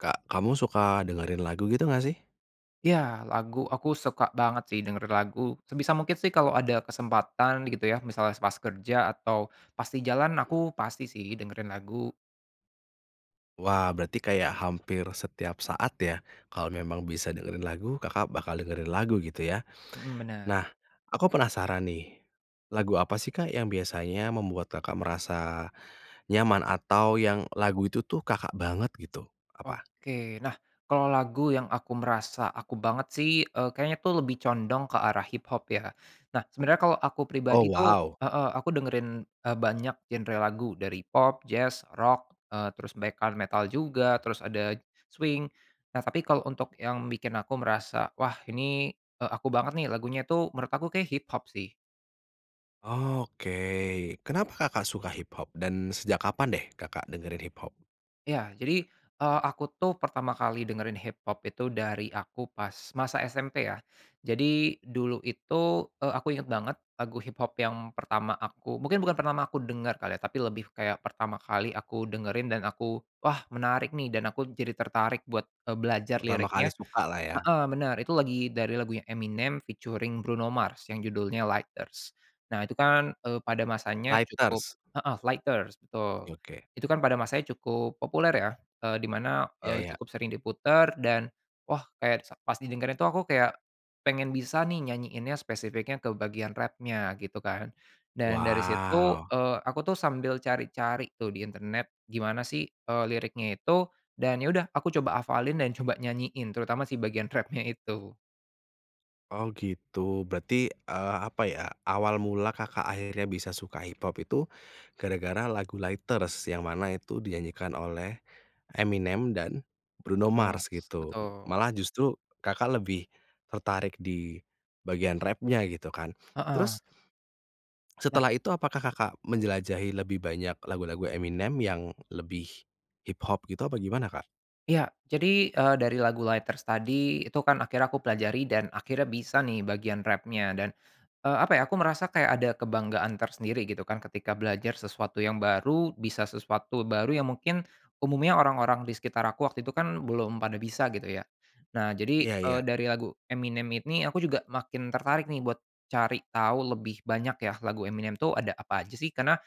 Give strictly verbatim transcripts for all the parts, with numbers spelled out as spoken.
Kak, kamu suka dengerin lagu gitu nggak sih? Ya, lagu aku suka banget sih, denger lagu sebisa mungkin sih kalau ada kesempatan gitu ya, misalnya pas kerja atau pas di jalan aku pasti sih, dengerin lagu. Wah, berarti kayak hampir setiap saat ya? Kalau memang bisa dengerin lagu Kakak bakal dengerin lagu gitu ya? Mhm, benar. Nah, aku penasaran nih, lagu apa sih Kak yang biasanya membuat Kakak merasa nyaman atau yang lagu itu tuh Kakak banget gitu, apa? Oke. Nah, kalau lagu yang aku merasa aku banget sih, eee, kayaknya tuh lebih condong ke arah hiphop ya. Nah, sebenarnya kalo aku Oh pribadi tuh wow! heeh, aku dengerin, eee, banyak genre lagu dari pop, jazz, rock, eee, terus black [unintelligible] metal juga, terus ada swing. Nah, tapi kalau untuk yang bikin aku merasa, "Wah ini, eee, aku banget nih." lagunya tu, menurut aku kayaknya hiphop sih. Oke, kenapa Kakak suka hiphop? Dan sejak kapan deh Kakak dengerin hiphop? Ya, jadi, eee, aku tuh pertama kali dengerin hiphop itu dari aku pas masa SMP ya. Jadi, dulu itu, eee, aku inget banget, lagu hiphop yang pertama aku mungkin bukan pertama aku denger kali ya, tapi lebih kayak pertama kali aku dengerin dan aku, "Wah menarik nih." dan aku jadi tertarik buat, eee, belajar Pertama kali liriknya. suka lah ya? Heeh benar, itu lagi dari lagunya Eminem featuring Bruno Mars yang judulnya Lighters. Nah, itu kan, eee, pada masanya cukup Lighters. heeh, Lighters, betul. yoke. Itu kan pada masanya cukup populer ya, eee, di mana, Ya eee, ya. cukup sering diputer dan wah, kayak s pas didengarin tu aku kayak pengen bisa nih nyanyiinnya, spesifiknya ke bagian rap-nya gitu kan, dan dari situ, Wow! eee, aku tuh sambil cari-cari tuh di internet gimana sih, eee, liriknya itu, dan ya udah aku coba hafalin dan coba nyanyiin terutama si bagian rap-nya itu. Oh gitu, berarti, eee, apa ya, awal mula Kakak akhirnya bisa suka hiphop itu, gara-gara lagu Lighters, yang mana itu dinyanyikan oleh Eminem dan Bruno no Mars mars, gitu. betul. Malah justru Kakak lebih tertarik di bagian rap-nya gitu kan. Heeh. Terus Nah setelah itu apakah Kakak menjelajahi lebih banyak lagu-lagu Eminem yang lebih hiphop gitu, apa gimana Kak? Ya, jadi, eee, dari lagu Lighters tadi, itu kan akhirnya aku pelajari dan akhirnya bisa nih bagian rap-nya dan, eee, apa ya, aku merasa kayak ada kebanggaan tersendiri gitu kan ketika belajar sesuatu yang baru, bisa sesuatu baru, yang mungkin umumnya orang-orang di sekitar aku waktu itu kan belum pada bisa, gitu ya. Nah, jadi, Iya iya. eee, dari lagu Eminem ini aku juga makin tertarik nih buat cari tahu lebih banyak ya lagu Eminem tu ada apa aja sih, karena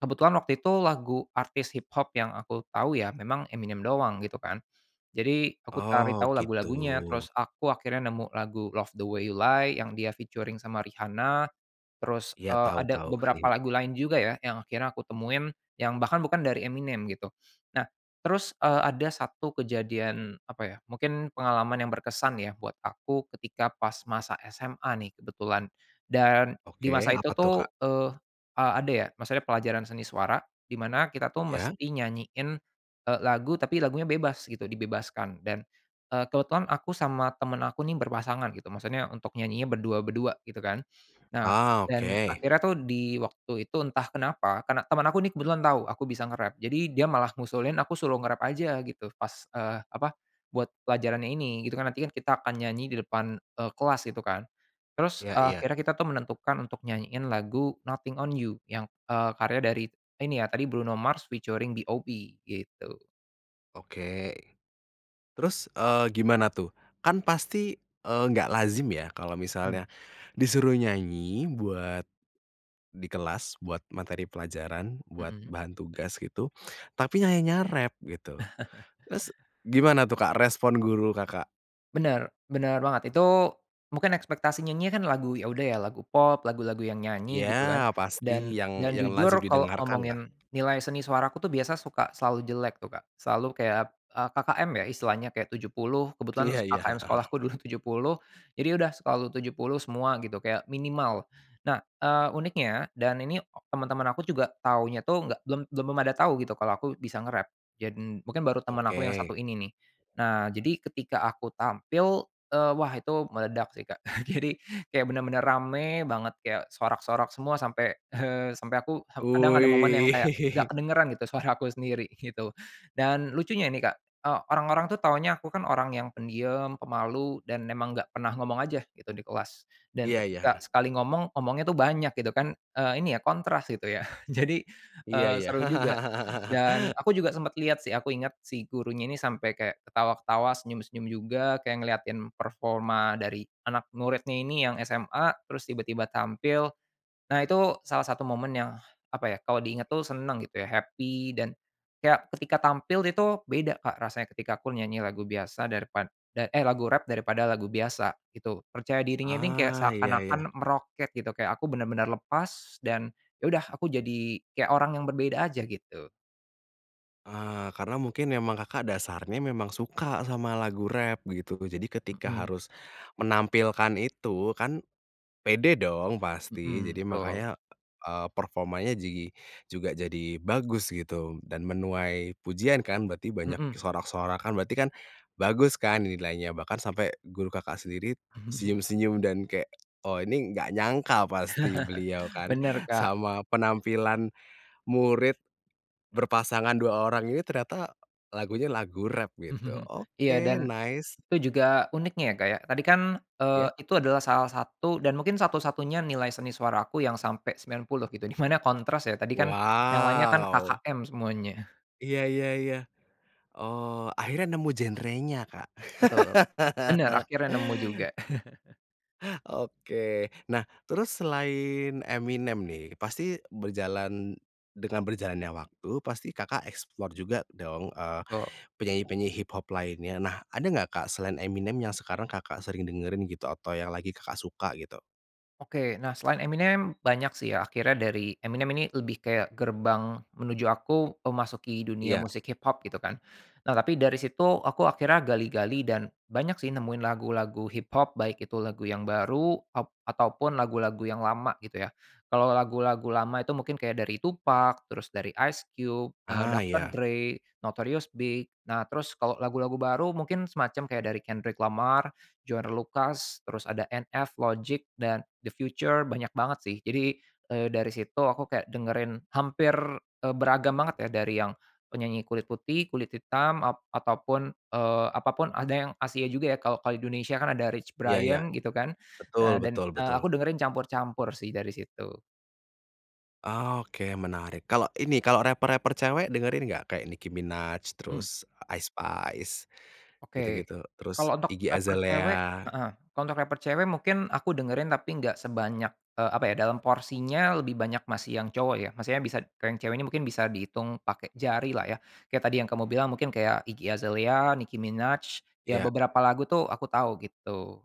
kebetulan waktu itu lagu artis hiphop yang aku tahu ya, memang Eminem doang, gitu kan. Jadi, aku cari Oh, tahu lagu-lagunya, gitu. terus aku akhirnya nemu lagu Love the Way You Lie, yang dia featuring sama Rihanna, terus, Iya, eee, tau ada tau. beberapa lagu lain juga ya, yang akhirnya aku temuin, yang bahkan bukan dari Eminem gitu. Nah, terus, eee, ada satu kejadian apa ya, mungkin pengalaman yang berkesan ya, buat aku ketika pas masa SMA nih kebetulan. Dan di Oke, masa itu apa tuh Kak? tuh, eee, a ada ya maksudnya pelajaran seni suara, di mana kita tuh Ya? mesti nyanyiin, eee, lagu, tapi lagunya bebas gitu, dibebaskan dan, eee, kebetulan aku sama teman aku nih- berpasangan, gitu, maksudnya untuk nyanyinya berdua-berdua, gitu kan. Nah, Ah, dan oke. akhirnya tuh di waktu itu entah kenapa karena teman aku nih kebetulan tahu aku bisa nge-rap, jadi dia malah ngusulin aku suruh nge-rap aja gitu, pas, eee, apa, buat pelajarannya ini. Itu kan nanti kan kita akan nyanyi di depan, eee, kelas gitu kan. Terus, Iya eee, iya. akhirnya kita tuh menentukan untuk nyanyiin lagu Nothing on You, yang, eee, karya dari, ini ya, tadi Bruno Mars featuring B.o.B, gitu. Oke. Terus, eee, gimana tuh? Kan pasti, eee, nggak lazim ya, kalau Hmm. misalnya disuruh nyanyi buat di kelas, buat materi pelajaran, buat Mhm. bahan tugas, gitu, tapi nyanyinya rap gitu. Terus gimana tuh Kak respon guru Kakak? Benar, benar banget. Itu mungkin ekspektasi nyanyinya kan lagu ya udah ya lagu pop, lagu-lagu yang Iya, nyanyi gitu kan, pasti dan yang dan yang jujur lazim kalau didengarkan lah. ngomongin nilai seni suaraku tuh biasa suka selalu jelek tu Kak, selalu kayak, eee, KKM ya istilahnya, kayak tujuh puluh, kebetulan Iya iya, KKM heeh heeh. sekolahku dulu tujuh puluh, jadi udah selalu tujuh puluh semua gitu, kayak minimal. Nah, eee, uniknya dan ini temen-temen aku juga taunya tuh nggak belum belum pada tahu gitu, kalo aku bisa nge-rap. Jad n mungkin baru teman aku yang Oke. satu ini nih. Nah, jadi ketika aku tampil, eee, wah, itu meledak sih Kak. Jadi, kayak benar-benar rame banget, kayak sorak-sorak semua sampai, eee, sampai aku, kadang ada momen Wih. yang kayak nggak kedengeran gitu suara aku sendiri gitu. Dan lucunya nih Kak, eee, orang-orang tuh taunya aku kan orang yang pendiam, pemalu, dan memang nggak pernah ngomong aja gitu, di kelas. Dan Iya iya, ketika heeh. sekali ngomong, ngomongnya tuh banyak gitu, kan, eee, ini ya, kontras gitu ya. Jadi, Iya eee, iya. seru juga dan aku juga sempat lihat sih, aku ingat si gurunya ini sampai kaya ketawa-ketawa, senyum-senyum juga, kayak ngelihatin performa dari anak muridnya ini yang SMA, terus tiba-tiba tampil. Nah, itu salah satu momen yang, apa ya, kalau diingat tuh senang gitu ya, happy, dan kayak ketika tampil itu beda Kak rasanya ketika aku nyanyi lagu biasa daripad da eh, lagu rap daripada lagu biasa gitu. Percaya dirinya ini kayak Ah, iya iya. seakan-akan meroket gitu, kayak aku benar-benar lepas, dan ya udah aku jadi kayak orang yang berbeda aja, gitu. Ah, karena mungkin memang Kakak dasarnya memang suka sama lagu rap, begitu. Jadi ketika Mhm. harus menampilkan itu, kan pede dong pasti. Mhm, Jadi, betul. makanya, eee, performanya jigi juga jadi bagus gitu dan menuai pujian kan, berarti banyak Mhm. sorak-sorakan, berarti kan bagus kan nilainya? Bahkan sampe guru Kakak sendiri senyum-senyum dan kayak, oh ini nggak nyangka pasti beliau kan, Benar, Kak. sama penampilan murid berpasangan, dua orang ini ternyata lagunya lagu rap gitu. Iya dan Oke, nice. itu juga uniknya ya Kak ya, tadi kan, eee, Ya. itu adalah salah satu dan mungkin satu-satunya nilai seni suara aku yang sampai sembilan puluh gitu, di mana kontras ya, tadi kan yang lainnya kan Wow. KKM semuanya. Iya iya iya. Oh, akhirnya nemu genrenya Kak? Betul. Benar, akhirnya nemu juga. Oke. Nah, terus selain Eminem nih, pasti berjalan dengan berjalannya waktu, pasti Kakak explore juga dong, eee, betu. penyanyi-penyanyi hiphop lainnya. Nah, ada nggak Kak, selain Eminem yang sekarang Kakak sering dengerin gitu atau yang lagi Kakak suka gitu? Oke, nah, selain Eminem banyak sih ya, akhirnya dari Eminem ini lebih kayak gerbang menuju aku memasuki dunia Iya. musik hiphop gitu kan. Nah, tapi dari situ aku akhirnya gali-gali dan banyak sih nemuin lagu-lagu hiphop, baik itu lagu yang baru, ap ataupun lagu-lagu yang lama gitu ya. Kalau lagu-lagu lama itu mungkin kayak dari Tupac, terus dari Ice Cube, eee Ah, Dr. ya. Dre, Notorious B.I.G. Nah, terus kalo lagu-lagu baru mungkin semacam kayak dari Kendrick Lamar, Joyner Lucas, terus ada NF, Logic dan The Future, banyak banget sih. Jadi, eee, dari situ aku kayak dengerin hampir, eee, beragam banget ya dari yang penyanyi kulit putih, kulit hitam, ap ataupun, eee, apapun ada yang Asia juga ya, kalau kalau di Indonesia kan ada Rich Iya, iya. Brian gitu kan, Betul, dan, betul, eee, betul. aku dengerin campur-campur sih dari situ. Ah, oke, menarik. Kalo ini raper-raper cewek, dengerin nggak? Kayak Nicki Minaj, Mmm. terus Ice Spice, Oke, gitu-gitu, terus kalau untuk Iggy raper cewek Azalea? heeh, untuk raper cewek mungkin aku dengerin tapi nggak sebanyak, eee, apa ya, dalam porsinya lebih banyak masih yang cowok ya, maksudnya bisa kalau yang cewek ini mungkin bisa dihitung pake jari lah ya. Kayak tadi yang kamu bilang mungkin kayak Iggy Azalea, Nicki Minaj, ya Iya. beberapa lagu tuh aku tahu gitu.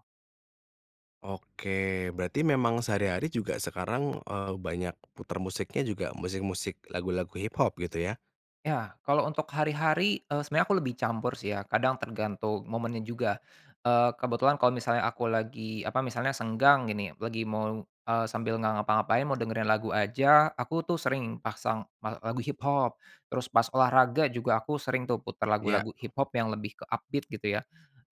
Oke, berarti memang sehari-hari juga sekarang, eee, banyak putar musiknya juga musik-musik lagu-lagu hiphop, gitu ya? Ya, kalo untuk hari-hari, eee, sebenarnya aku lebih campur sih ya, kadang tergantung momennya juga. Eee, kebetulan kalau misalnya aku lagi, apa, misalnya senggang gini, lagi mau, eee, sambil nggak ngapa-ngapain mau dengerin lagu aja, aku tuh sering pasang me lagu hiphop. Terus pas olahraga juga aku sering tuh putar Iya. lagu-lagu hiphop yang lebih ke upbeat gitu ya.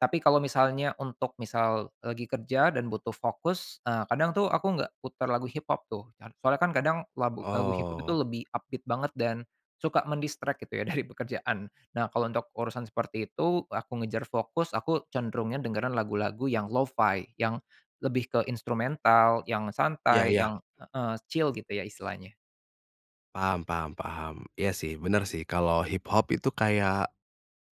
Tapi kalau misalnya untuk misal lagi kerja dan butuh fokus, eee, kadang tuh aku nggak putar lagu hiphop tuh. Car soalnya kan kadang lag lagu hiphop tu Oh. lebih upbeat banget dan suka men-distract gitu ya, dari pekerjaan. Nah, kalau untuk urusan seperti itu aku ngejar fokus, aku cenderungnya dengerin lagu-lagu yang lo-fi, yang lebih ke instrumental, yang Iya santai, iya. yang heeh chill gitu ya istilahnya. Paham paham paham. Iya sih, benar sih, kalau hiphop itu kayak,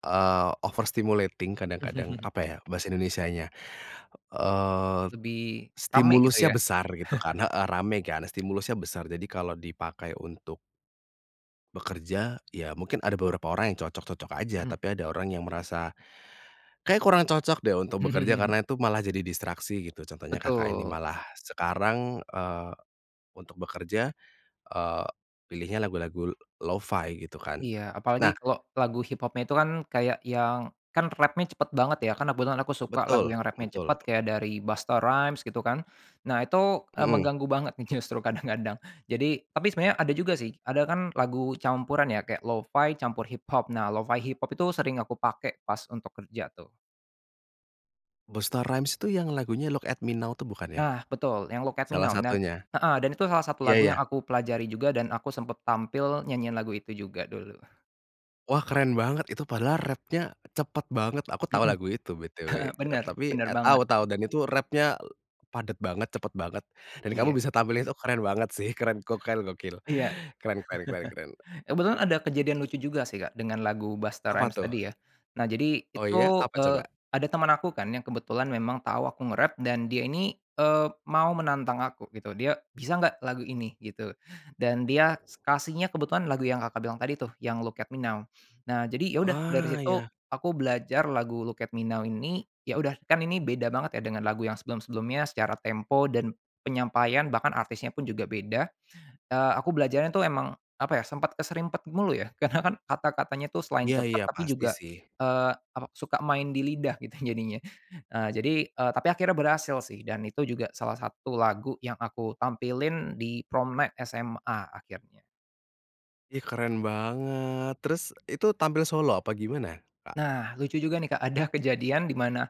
eee, overstimulating kadang-kadang. Apa ya, bahasa Indonesianya? Eee, Lebih, rame gitu stimulusnya ya? besar gitu kan heeh, rame kan? Stimulusnya besar, jadi kalau dipakai untuk bekerja, ya, mungkin ada beberapa orang yang cocok-cocok aja, Mhm. tapi ada orang yang merasa, "Kayaknya kurang cocok deh untuk bekerja karena itu malah jadi distraksi." gitu. Contohnya Kakak ini, Betul. malah sekarang, eee, untuk bekerja, eee, pilihnya lagu-lagu lo-fi gitu kan? Iya, apalagi Nah kalo lagu hiphopnya itu kan kayak yang kan rap-nya cepet banget ya, karena kebetulan aku suka lagu Betul, yang rap-nya cepet betul. kayak dari Busta Rhymes gitu kan. Nah, itu, eee, Mmm. mengganggu banget nih justru kadang-kadang. Jadi tapi sebenarnya ada juga sih, ada kan lagu campuran ya, kayak lo-fi, campur hiphop. Nah, lo-fi hiphop itu sering aku pakai pas untuk kerja tuh. Busta Rhymes itu yang lagunya Look at Me Now itu, bukan ya? Nah, betul yang Look at Me Salah Now nan satunya? heeh, dan itu salah satu Ya lagu yang ya. aku pelajari juga dan aku sempat tampil nyanyiin lagu itu juga dulu. Wah, keren banget itu! Padahal rap-nya cepet banget. Aku tahu Mhm. lagu itu, B-T-W. Benar, Tapi, benar et tau banget. tau, dan itu rap-nya padet banget, cepet banget, dan kamu Iya. bisa tampilin itu, keren banget sih. Keren, gokil gokil. Iya. Keren keren keren keren. Kebetulan ada kejadian lucu juga sih Kak, dengan lagu Busta Apa Rhymes tuh? tadi ya. Nah, jadi Oh itu, ya, apa eee, coba? ada teman aku kan yang kebetulan memang tahu aku nge-rap dan dia ini, eee, mau menantang aku gitu. Dia, "Bisa nggak lagu ini?" gitu. Dan dia kasihnya kebetulan lagu yang Kakak bilang tadi tuh, yang Look at Me Now. Nah, jadi ya udah, dari Ah. situ Ya. aku belajar lagu Look at Me Now ini ya udah, kan ini beda banget ya dengan lagu yang sebelum-sebelumnya secara tempo dan penyampaian bahkan artisnya pun juga beda. Eee, aku belajarnya tu memang, apa ya, sempat keserimpet mulu ya, karena kan kata-katanya itu selain Ya cepat ya, tapi pasti juga, sih. eee, apa, suka main di lidah gitu jadinya. Eee, jadi, eee, tapi akhirnya berhasil sih, dan itu juga salah satu lagu yang aku tampilin di Prom Night SMA, akhirnya. Ih, keren banget. Terus itu tampil solo apa gimana, Kak? Nah, lucu juga nih Kak, ada kejadian di mana,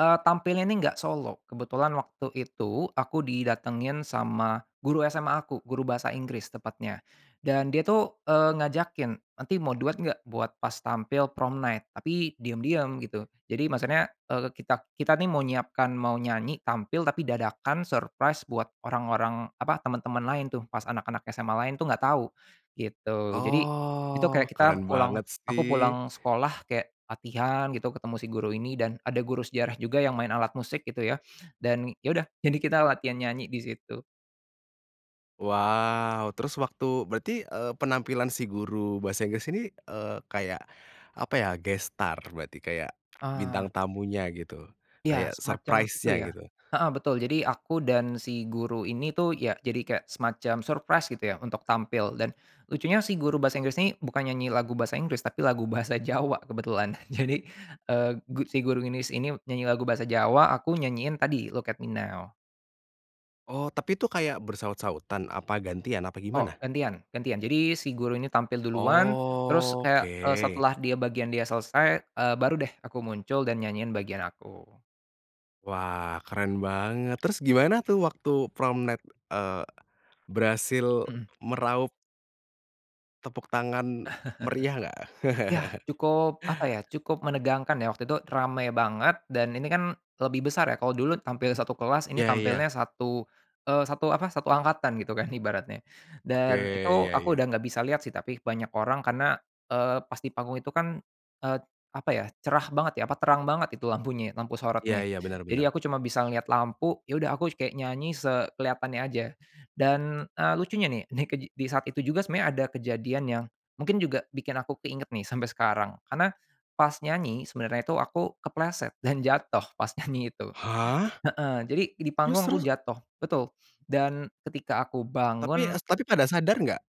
eee, tampilnya ini nggak solo, kebetulan waktu itu aku didatengin sama guru SMA aku, guru bahasa Inggris tepatnya. Dan dia tuh, eee, ngajakin, "Nanti mau duet gak buat pas tampil prom night? tapi diam-diam gitu." Jadi maksudnya, eee, kita kita ini mau nyiapkan, mau nyanyi tampil tapi dadakan surprise buat orang-orang, apa, teman-teman lain tuh pas anak-anak SMA lain itu enggak tahu, gitu. Jadi, itu Oh, kayak keren kita pulang banget aku sih. pulang sekolah kayak latihan gitu ketemu si guru ini dan ada guru sejarah juga yang main alat musik gitu ya, dan ya udah jadi kita latihan nyanyi di situ. Wow, terus waktu berarti, eee, penampilan si guru bahasa Inggris ini, eee, kayak apa ya, guest star berarti, kayak Ah. bintang tamunya gitu, kayak Iya, semacam itu surprise-nya ya. gitu? Heeh, betul, jadi aku dan si guru ini tuh ya jadi kayak semacam surprise gitu ya untuk tampil dan lucunya si guru bahasa Inggris ini bukan nyanyi lagu bahasa Inggris tapi lagu bahasa Jawa kebetulan, jadi, eee, gu si guru Inggris ini nyanyi lagu bahasa Jawa, aku nyanyiin tadi, Look at Me Now. Oh, tapi itu kayak bersahut-sahutan, apa gantian, apa Oh, gimana? gantian gantian. Jadi si guru ini tampil duluan, terus, kayak, eee, Oke. setelah dia bagian dia selesai, eee, baru deh aku muncul dan nyanyiin bagian aku. Wah, keren banget. Terus gimana tuh, waktu Promp Net, eee, berhasil Mhm. meraup tepuk tangan meriah nggak? Yah, cukup apa ya, cukup menegangkan ya waktu itu. Rame banget, dan ini kan lebih besar ya. Kalau dulu tampil satu kelas, ini Ya ya. tampilnya satu, eee, satu apa, satu angkatan gitu kan ibaratnya. Oke. Dan itu Ya aku ya. udah nggak bisa lihat sih, tapi banyak orang karena, eee, pas di panggung itu kan, eee, apa ya, cerah banget ya, apa, terang banget itu lampunya, lampu Ya sorotnya. ya, benar Jadi, aku benar. cuma bisa ngelihat lampu. Ya udah, aku kayak nyanyi sekelihatannya aja. Dan, eee, lucunya nih, nih kej di saat itu juga sebenarnya ada kejadian yang mungkin juga bikin aku keinget nih sampai sekarang. Karena pas nyanyi sebenarnya itu aku kepleset dan jatuh pas nyanyi itu Hah? heeh. Jadi, di Terus panggung aku terus? jatuh betul. Dan ketika aku Tapi bangun s pada sadar nggak?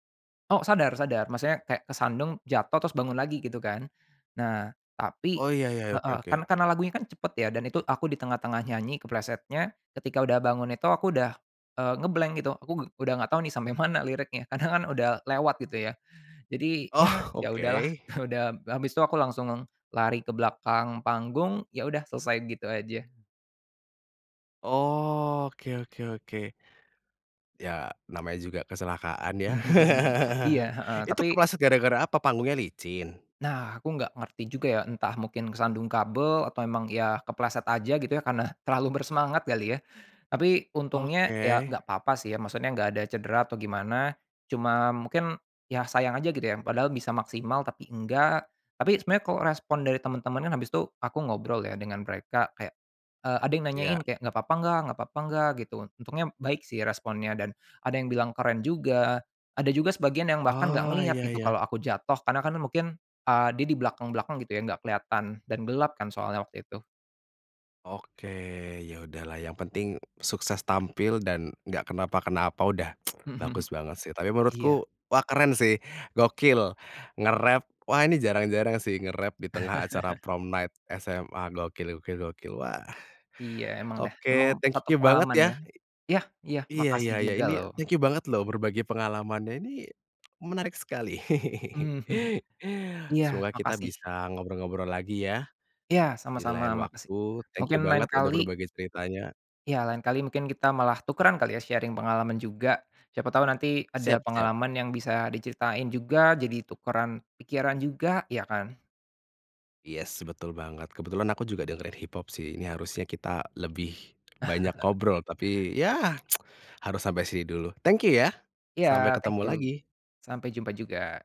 Oh, sadar, sadar. Maksudnya kayak kesandung, jatuh, terus bangun lagi gitu kan. Nah, tapi Oh, iya iya. Oke heeh, oke. kan karena lagunya kan cepat ya, dan itu aku di tengah-tengah nyanyi keplesetnya. Ketika udah bangun itu aku udah, eee, nge-blank gitu. Aku u udah enggak tahu nih sampai mana liriknya, karena kan udah lewat gitu ya. Jadi ya Oh, ya udahlah. oke. Udah, habis itu aku langsung lari ke belakang panggung. Ya udah, selesai gitu aja. Oke oke oke. Ya namanya juga kecelakaan ya? Iya, heeh, Itu tapi kepeleset gara-gara apa? Panggungnya licin? Nah, aku nggak ngerti juga ya, entah mungkin kesandung kabel atau emang ya kepeleset aja gitu ya, karena terlalu bersemangat kali ya? Tapi, untungnya, ya Oke. enggak apa-apa sih ya, maksudnya enggak ada cedera atau gimana, cuma mungkin, ya sayang aja gitu ya, padahal bisa maksimal tapi enggak. Tapi sebenarnya kalau respon dari teman-teman kan habis itu aku ngobrol ya dengan mereka, kayak eee, ada yang nanyain yak. kayak, "Enggak apa-apa, enggak? Enggak apa-apa, enggak?" gitu. Untungnya baik sih responnya, dan ada yang bilang keren juga. Ada juga sebagian yang bahkan enggak Oh, ngelihat iya, gitu iya. kalau aku jatuh, karena kan mungkin, eee, dia di belakang belakang gitu ya, enggak kelihatan dan gelap kan soalnya waktu itu. Oke, ya udahlah yang penting sukses tampil dan enggak kenapa-kenapa udah, bagus banget sih! Tapi Iya. menurutku wah keren sih, gokil! Nge-rap wah ini jarang-jarang sih. Nge-rap di tengah acara Prom Night SMA. Gokil, gokil, gokil, wah! Iya, memang deh, memang Oke, thank satu you banget pengalaman ya. ya? yah, iya, Iya makasih iya iya. juga Ini, loh. thank you banget loh berbagi pengalamannya, ini, menarik sekali. Iya, Semoga kita makasih. bisa ngobrol-ngobrol lagi ya, Iya, di sama-sama, lain makasih waktu, thank you mungkin lain banget udah kali berbagi ceritanya. Iya, lain kali mungkin kita malah tukeran kali ya sharing pengalaman juga, siapa tahu nanti ada Siap, siap. pengalaman yang bisa diceritain juga, jadi tukeran pikiran juga, ya, kan? Yes, betul banget! Kebetulan aku juga ada dengerin hip-hop sih, ini harusnya kita lebih banyak ngobrol, tapi ya, harus sampai sini dulu, thank you ya! Iya, Sampai thank ketemu you, lagi. sampai jumpa juga!